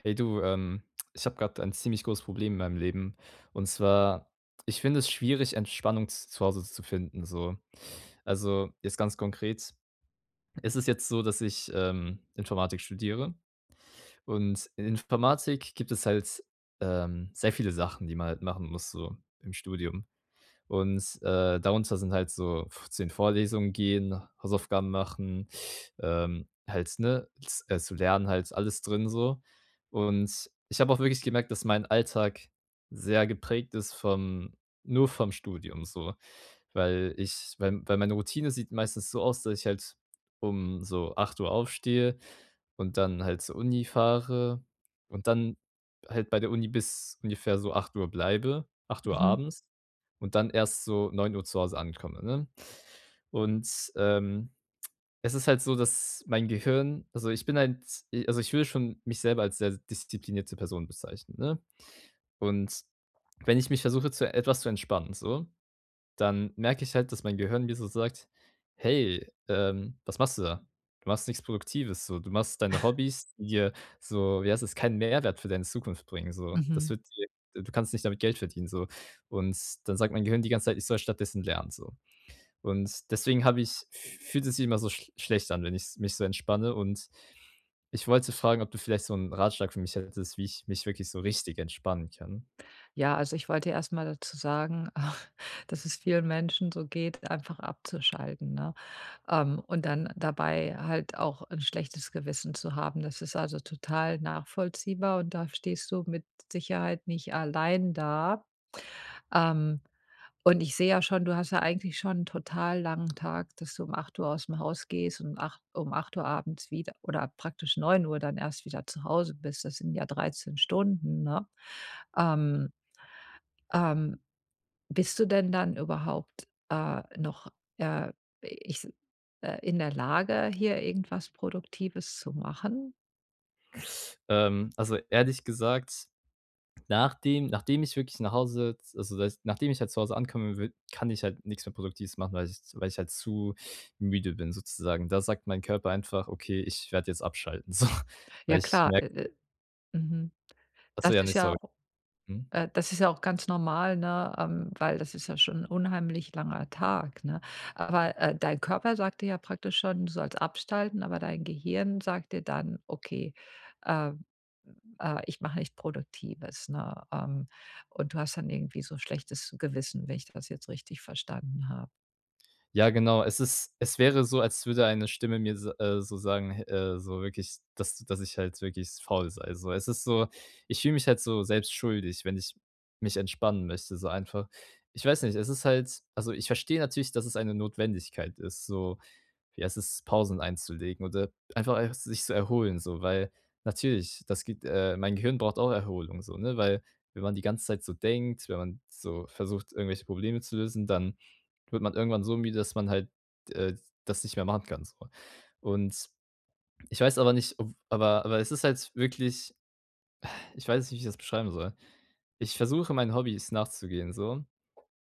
Hey, du, ähm, ich habe gerade ein ziemlich großes Problem in meinem Leben. Und zwar, ich finde es schwierig, Entspannung z zu Hause zu finden so. Also, jetzt ganz konkret ist es jetzt so, dass ich, ähm, Informatik studiere. Und in Informatik gibt es halt, ähm, sehr viele Sachen, die man halt machen muss so im Studium. Und, äh, darunter sind halt so f zu den Vorlesungen gehen, Hausaufgaben machen, ähm, halt, ne, z äh, zu lernen halt, alles drin so. Und ich habe auch wirklich gemerkt, dass mein Alltag sehr geprägt ist vom nur vom Studium so, weil ich weil weil meine Routine sieht meistens so aus, dass ich halt um so 8:00 aufstehe und dann halt zur Uni fahre und dann halt bei der Uni bis ungefähr so 8:00 bleibe, 8:00 Mhm. abends, und dann erst so 9:00 zu Hause ankomme, ne? Und, ähm, es ist halt so, dass mein Gehirn also, ich bin ein z also, ich würde schon mich selber als sehr disziplinierte Person bezeichnen, ne? Und wenn ich mich versuche, zu etwas zu entspannen so, dann merke ich halt, dass mein Gehirn mir so sagt: „Hey, ähm, was machst du da? Du machst nichts Produktives so. Du machst deine Hobbys, die dir so, wie heißt das, keinen Mehrwert für deine Zukunft bringen so. Das Mhm. wird dir du kannst nicht damit Geld verdienen so.“ Und dann sagt mein Gehirn die ganze Zeit, ich soll stattdessen lernen so. Und deswegen habe ich, f fühlt es immer so sch schlecht an, wenn ich's mich so entspanne. Und ich wollte fragen, ob du vielleicht so 'n Ratschlag für mich hättest, wie ich mich wirklich so richtig entspannen kann. Ja, also, ich wollte erst mal dazu sagen, dass es vielen Menschen so geht, einfach abzuschalten, ne? Ähm, und dann dabei halt auch 'n schlechtes Gewissen zu haben, das ist also, total nachvollziehbar und da stehst du mit Sicherheit nicht allein da. Ähm. Und ich sehe ja schon, du hast ja eigentlich schon 'n total langen Tag, dass du um 8:00 ausm Haus gehst und um 8 um 8:00 abends wieder oder praktisch 9:00 dann erst wieder zu Hause bist. Das sind ja 13 Stunden, ne? Ähm, Ähm, bist du denn dann überhaupt, äh, noch äh, ich's äh, in der Lage, hier irgendwas Produktives zu machen? Ähm, also, ehrlich gesagt, nachdem nachdem ich wirklich nach Hause jetzt also da ist nachdem ich halt zu Hause ankomme wi kann ich halt nix mehr Produktives machen, weil ich weil ich halt zu müde bin sozusagen. Da sagt mein Körper einfach: „Okay, ich werde jetzt abschalten so.“ Weil Ja ich klar, merke äh äh. Mhm. Ach so, Das ja, ne, ist ja sorry. au Mhm. äh, das ist ja auch ganz normal, ne? Ähm, weil das ist ja schon 'n unheimlich langer Tag, ne? Aber, äh, dein Körper sagt dir ja praktisch schon, du sollst abschalten. Aber dein Gehirn sagt dir dann: „Okay, ähm, äh, ich mache nichts Produktives.“ Ne? Ähm, und du hast dann irgendwie so schlechtes Gewissen, wenn ich das jetzt richtig verstanden habe. Ja, genau. Es ist es wäre so, als würde eine Stimme mir so, äh so sagen, he äh, so wirklich, dass dass ich halt wirklich faul sei, so. Es ist so ich fühle mich halt so selbst schuldig, wenn ich mich entspannen möchte so einfach. Ich weiß nicht, es ist halt also ich verstehe natürlich, dass es eine Notwendigkeit ist so, wie heißt es, Pausen einzulegen oder einfach [unintelligible] sich zu erholen so, weil natürlich, das gibt, äh mein Gehirn braucht auch Erholung so, ne? Weil wenn man die ganze Zeit so denkt, wenn man so versucht, irgendwelche Probleme zu lösen, dann wird man irgendwann so müde, dass man halt, äh, das nicht mehr machen kann, so. Und ich weiß aber nicht, [unintelligible] aber aber es ist halt wirklich ich weiß nicht, wie ich das beschreiben soll. Ich versuche, meinen Hobbys nachzugehen, so.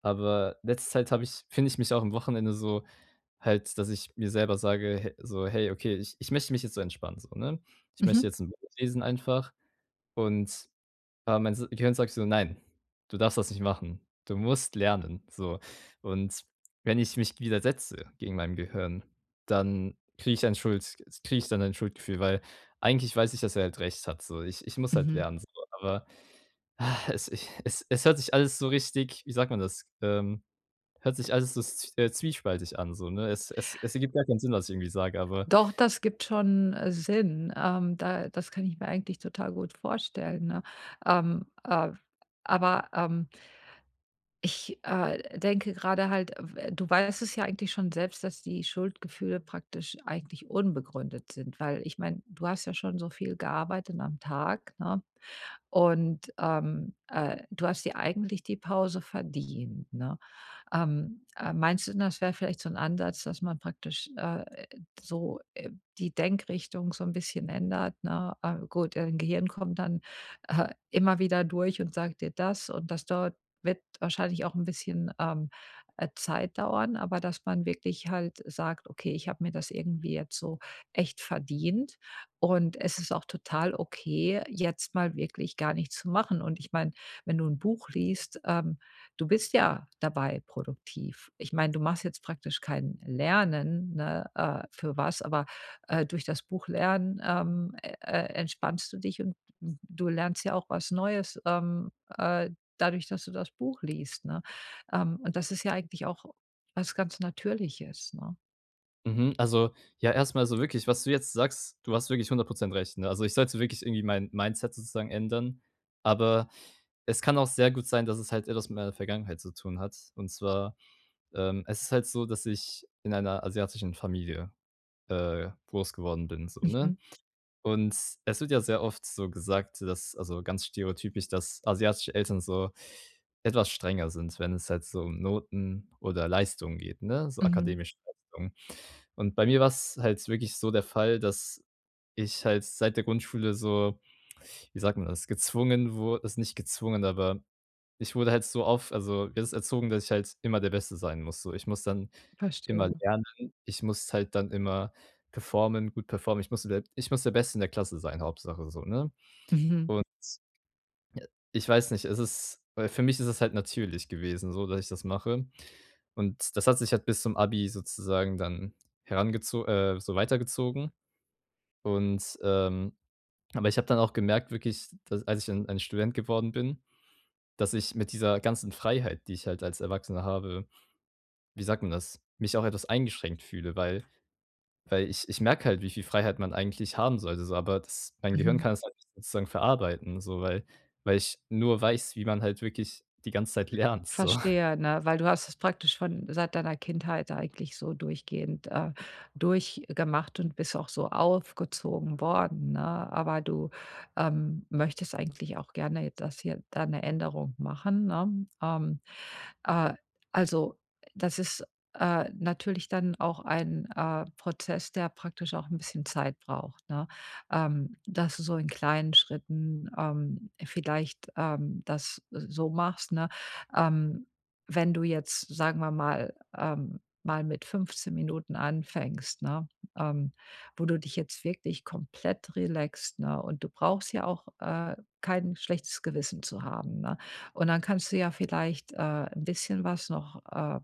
Aber letzte Zeit habe ich finde ich mich auch am Wochenende so halt, dass ich mir selber sage h so: „Hey, okay, ich ich möchte mich jetzt so entspannen so.“ Ne? Ich möchte Mhm. jetzt 'n Buch lesen einfach. Und, äh, mein s Gehirn sagt so: „Nein! Du darfst das nicht machen. Du musst lernen.“ So. Und wenn ich mich widersetze gegen meinem Gehirn, dann kriege ich ein Schuld kriege ich dann ein Schuldgefühl, weil eigentlich weiß ich, dass er halt recht hat so. Ich ich muss halt Mhm. lernen so, aber es ich es es hört sich alles so richtig wie sagt man das? Ähm. Hört sich alles so zw äh, zwiespältig an so, ne? Es es es ergibt gar keinen Sinn, was ich irgendwie sage, aber Doch, das gibt schon, äh, Sinn. Ähm, da das kann ich mir eigentlich total gut vorstellen, ne? Ähm, ah, aber, ähm ich, äh, denke grade halt, äh, w du weißt es ja eigentlich schon selbst, dass die Schuldgefühle praktisch eigentlich unbegründet sind, weil ich meine, du hast ja schon so viel gearbeitet am Tag, ne? Und, ähm, äh, du hast dir eigentlich die Pause verdient, ne? Ähm, äh, meinst du denn, das wäre vielleicht so 'n Ansatz, dass man praktisch, äh, so, äh, die Denkrichtung so 'n bisschen ändert, ne? Äh, gut, dein Gehirn kommt dann, äh, immer wieder durch und sagt dir das und das dort wird wahrscheinlich auch 'n bisschen, ähm, äh, Zeit dauern, aber dass man wirklich halt sagt: „Okay, ich habe mir das irgendwie jetzt so echt verdient und es ist auch total okay, jetzt mal wirklich gar nichts zu machen.“ Und ich meine, wenn du 'n Buch liest, ähm, du bist ja dabei produktiv. Ich meine, du machst jetzt praktisch kein Lernen, ne, äh, für was, aber, äh, durch das Buchlernen, ähm, e e entspannst du dich und du lernst ja auch was Neues, ähm, äh, dadurch, dass du das Buch liest, ne? Ähm, und das ist ja eigentlich auch was ganz Natürliches, ne? Mhm. Also, ja, erst mal so wirklich, was du jetzt sagst, du hast wirklich 100 % recht, ne? Also, ich sollte wirklich irgendwie mein Mindset sozusagen ändern, aber es kann auch sehr gut sein, dass es halt etwas mit meiner Vergangenheit zu tun hat. Und zwar, ähm es ist halt so, dass ich in einer asiatischen Familie, äh, groß geworden bin so, ne? Mhm. Und es wird ja sehr oft so gesagt, dass also ganz stereotypisch, dass asiatische Eltern so etwas strenger sind, wenn es halt so um Noten oder Leistungen geht, ne? So Mhm. akademischen Leistungen. Und bei mir war's halt wirklich so der Fall, dass ich halt seit der Grundschule so, wie sagt man das, gezwungen wur also nicht gezwungen, aber ich wurde halt so auf also [unintelligible] erzogen, dass ich halt immer der Beste sein muss so. Ich muss dann immer Verstehe. lernen ich muss halt dann immer performen gut performen. Ich musste der ich muss der Beste in der Klasse sein, Hauptsache so, ne? Mhm. Und ja, ich weiß nicht. Es ist weil für mich ist es halt natürlich gewesen so, dass ich das mache. Und das hat sich halt bis zum Abi sozusagen dann herangezo äh, so weitergezogen. Und, ähm aber ich habe dann auch gemerkt wirklich, d als ich dann ein Student geworden bin, dass ich mit dieser ganzen Freiheit, die ich halt als Erwachsener habe, wie sagt man das, mich auch etwas eingeschränkt fühle, weil weil ich ich merke halt, wie viel Freiheit man eigentlich haben sollte so, aber das mein Gehirn Mhm. kann es halt nicht sozusagen verarbeiten so, weil weil ich nur weiß, wie man halt wirklich die ganze Zeit lernt so. Verstehe, ne? Weil du hast es praktisch schon seit deiner Kindheit eigentlich so durchgehend, äh, durchgemacht und bist auch so aufgezogen worden, ne? Aber du, ähm, möchtest eigentlich auch gerne j das hier da 'ne Änderung machen, ne? Ähm. Äh, also, das ist, äh, natürlich dann auch ein, äh, Prozess, der praktisch auch 'n bisschen Zeit braucht, ne? Ähm, dass du so in kleinen Schritten, ähm, vielleicht, ähm, das s so machst, ne? Ähm, wenn du jetzt, sagen wir mal ähm, mal mit 15 Minuten anfängst, ne, ähm, wo du dich jetzt wirklich komplett relaxt, ne? Und du brauchst ja auch, äh, kein schlechtes Gewissen zu haben, ne? Und dann kannst du ja vielleicht, äh, 'n bisschen was noch, ähm,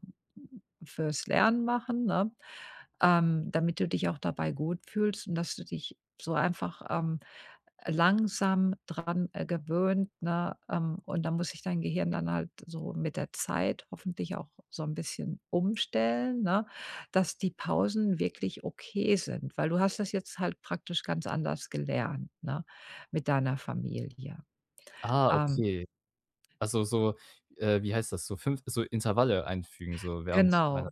fürs Lernen machen, ne, ähm, damit du dich auch dabei gut fühlst und dass du dich so einfach, ähm, langsam dran gewöhnt, ne? Ähm, und da muss sich dein Gehirn dann halt so mit der Zeit hoffentlich auch so 'n bisschen umstellen, ne, dass die Pausen wirklich okay sind, weil du hast das jetzt halt praktisch ganz anders gelernt, ne? Mit deiner Familie. Ah, Ähm okay. Also so, äh wie heißt das? So 5 so Intervalle einfügen so während meiner Genau.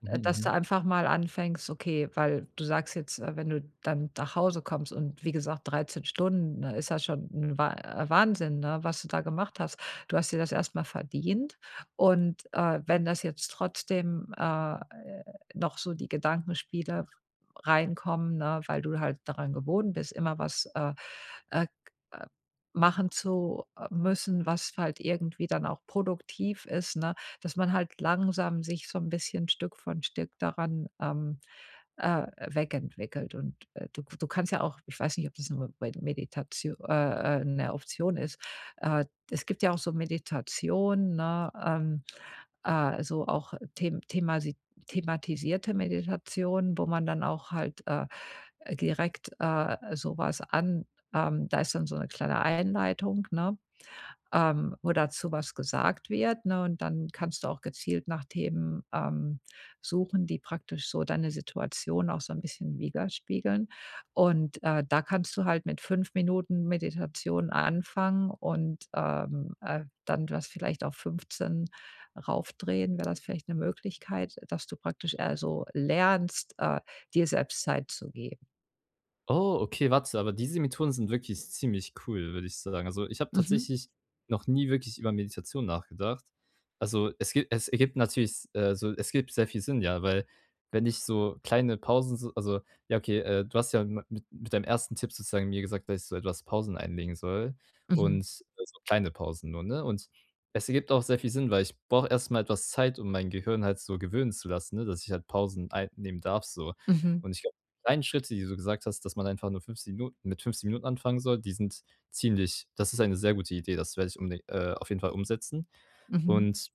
mhm, Äh, dass du mhm. einfach mal anfängst okay, weil du sagst jetzt, äh, wenn du dann nach Hause kommst und wie gesagt, 13 Stunden, ne, ist ja schon 'n Wa Wahnsinn, ne, was du da gemacht hast. Du hast dir das erst mal verdient und, äh, wenn das jetzt trotzdem äh, noch so die Gedankenspiele reinkommen, ne, weil du halt daran gewohnt bist, immer was, äh äh, k äh, machen zu, äh, müssen, was halt irgendwie dann auch produktiv ist, ne? Dass man halt langsam sich so 'n bisschen Stück von Stück daran, ähm, äh, weg entwickelt. Und, äh, du k du kannst ja auch ich weiß nicht, ob das nur bei Meditatio äh, äh, 'ne Option ist, äh es gibt ja auch so Meditation, ne, ähm, äh also auch the themas thematisierte Meditation, wo man dann auch halt, äh, direkt, äh, so was an ähm, da ist dann so 'ne kleine Einleitung, ne, ähm, wo dazu was gesagt wird, ne? Und dann kannst du auch gezielt nach Themen, ähm, suchen, die praktisch so deine Situation auch so 'n bisschen widerspiegeln. Und, äh, da kannst du halt mit 5 Minuten Meditation anfangen und, ähm, äh, dann das vielleicht auf 15 raufdrehen. Wär das vielleicht 'ne Möglichkeit, dass du praktisch, äh also lernst, äh, dir selbst Zeit zu geben? Oh, okay,, [unintelligible] aber diese Methoden sind wirklich ziemlich cool, würde ich so sagen. Also, ich habe Mhm. tatsächlich noch nie wirklich über Meditation nachgedacht. Also, es gibt es ergibt natürlich, äh, so es ergibt sehr viel Sinn, ja, weil wenn ich so kleine Pausen, so also ja okay, äh, du hast ja mit mit deinem ersten Tipp sozusagen mir gesagt, dass ich so etwas Pausen einlegen soll Mhm. und so kleine Pausen nur, ne? Und es ergibt auch sehr viel Sinn, weil ich brauche erst mal etwas Zeit, um mein Gehirn halt so gewöhnen zu lassen, ne, dass ich halt Pausen einnehmen darf so. Mhm. Und ich glaube, die kleinen Schritte, die du gesagt hast, dass man einfach nur 15 Minuten mit 15 Minuten anfangen soll, die sind ziemlich das ist eine sehr gute Idee, das werde unbeding äh, auf jeden Fall umsetzen. Mhm. Und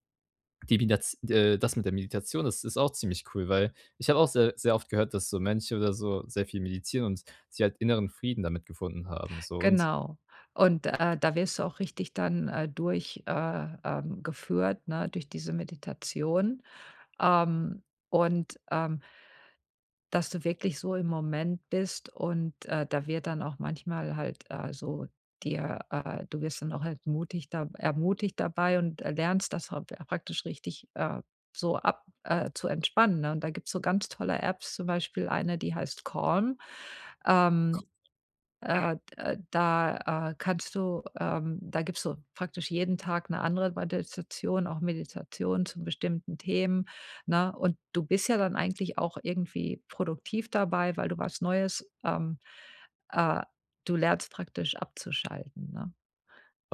die Midaz äh, das mit der Meditation ist ist auch ziemlich cool, weil ich habe auch sehr sehr oft gehört, dass so Mönche oder so sehr viel meditieren und sich halt inneren Frieden damit gefunden haben so und Genau, und, äh, da wirst du auch richtig dann, äh, durch äh, ähm, geführt, ne, durch diese Meditation, ähm, und, ähm das du wirklich so im Moment bist und, äh, da wird dann auch manchmal halt, äh, so dir, äh du wirst dann auch halt mutig da ermutigt dabei und, äh, lernst das [unintelligible] praktisch richtig, äh, so ab, äh zu entspannen, ne? Und da gibt's so ganz tolle Apps, zum Beispiel eine, die heißt Calm. Ähm, äh, äh, da, äh, kannst du, ähm da gibst so praktisch jeden Tag 'ne andere [unintelligible] auch Meditation zu bestimmten Themen, ne? Und du bist ja dann eigentlich auch irgendwie produktiv dabei, weil du was Neues ähm, äh, du lernst praktisch abzuschalten, ne?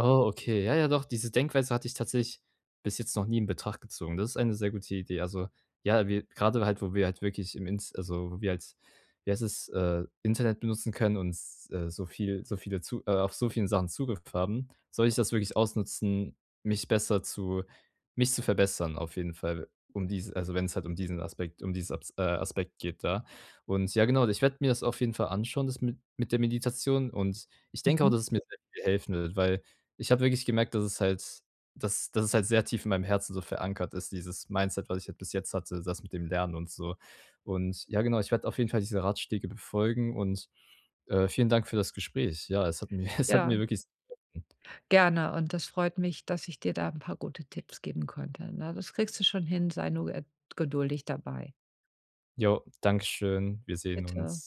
Oh, okay, ja, ja, doch, diese Denkweise hatte ich tatsächlich bis jetzt noch nie in Betracht gezogen. Das ist eine sehr gute Idee. Also, ja, wir grade halt, wo wir halt wirklich im Int also, wo wir halt wie heißt es, äh, Internet benutzen können und, äh, so viel so viele zu äh, auf so vielen Sachen Zugriff haben, sollte ich das wirklich ausnutzen, mich besser zu mich zu verbessern auf jeden Fall, um dies also, wenn's halt um diesen Aspekt um diese Abs äh, Aspekt geht, da. Und ja genau, ich werde mir das auf jeden Fall anschauen, das mit mit der Meditation. Und ich denke auch, Mhm. dass es mir sehr viel helfen wird, weil ich habe wirklich gemerkt, dass es halt dass dass es halt sehr tief in meinem Herzen so verankert ist, dieses Mindset, was ich halt bis jetzt hatte, das mit dem Lernen und so. Und ja genau, ich werde auf jeden Fall diese Ratschläge befolgen und, äh, vielen Dank für das Gespräch. Ja, es hat mir es hat Ja. mir wirklich sehr geholfen. Gerne und es freut mich, dass ich dir da 'n paar gute Tipps geben konnte, ne? Das kriegst du schon hin, sei nur, äh, geduldig dabei. Jo, Dankeschön. Wir sehen Bitte. uns.